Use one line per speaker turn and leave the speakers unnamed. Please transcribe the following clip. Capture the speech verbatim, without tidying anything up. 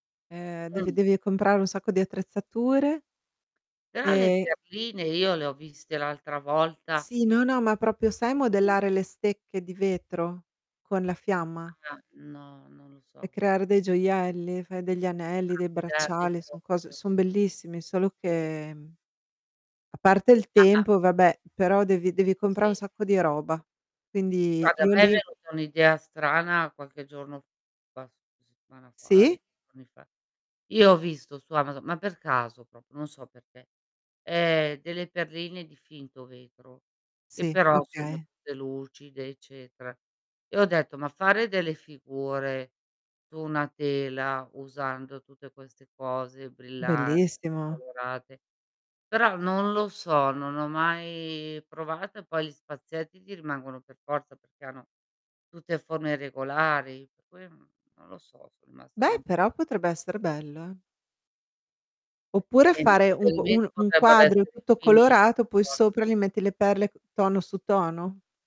Ehm, devi
Mh.
devi comprare un sacco di attrezzature
Però le
e
perline io le ho viste l'altra volta.
Sì no, no, ma propio sai
Sì.
modellare le stecche di vetro, con la fiamma?
Ah, no. Non lo
e
so questo.
creare dei gioielli? Fai degli anelli,
Ah,
dei
crearli
bracciali, son cose
proprio.
son bellissimi solo che, mhmm, a parte il
A a
tempo, vabbè, però devi devi comprare un
Sì.
sacco di roba. Quindi,
Guarda, a
io
me è
lì
venuta un' idea strana qualche giorno quasi settimana fa
Sì?
[unintelligible] giorni fa. Io ho visto su Amazon, ma per caso propio, non so perché, ehm, delle perline di finto vetro che
Sì,
però sono
okay.
tutte lucide, eccetera, e ho detto: "Ma fare delle figure, su una tela, usando tutte queste cose brillanti e
Bellissimo.
colorate?" Però non lo so, non ho mai provato e poi gli spazietti ti rimangono per forza, perché hanno tutte forme irregolari. Per cui, mhmm, non lo so, son rimasta lì
Beh,
un
però potrebbe essere bello, eh? Oppure,
E invece
fare un
quelli
quo uno
medi
un
potrebbero
quadro
essere
tutto
finiti.
colorato, poi
Tornano.
sopra gli metti le perle c tono su tono?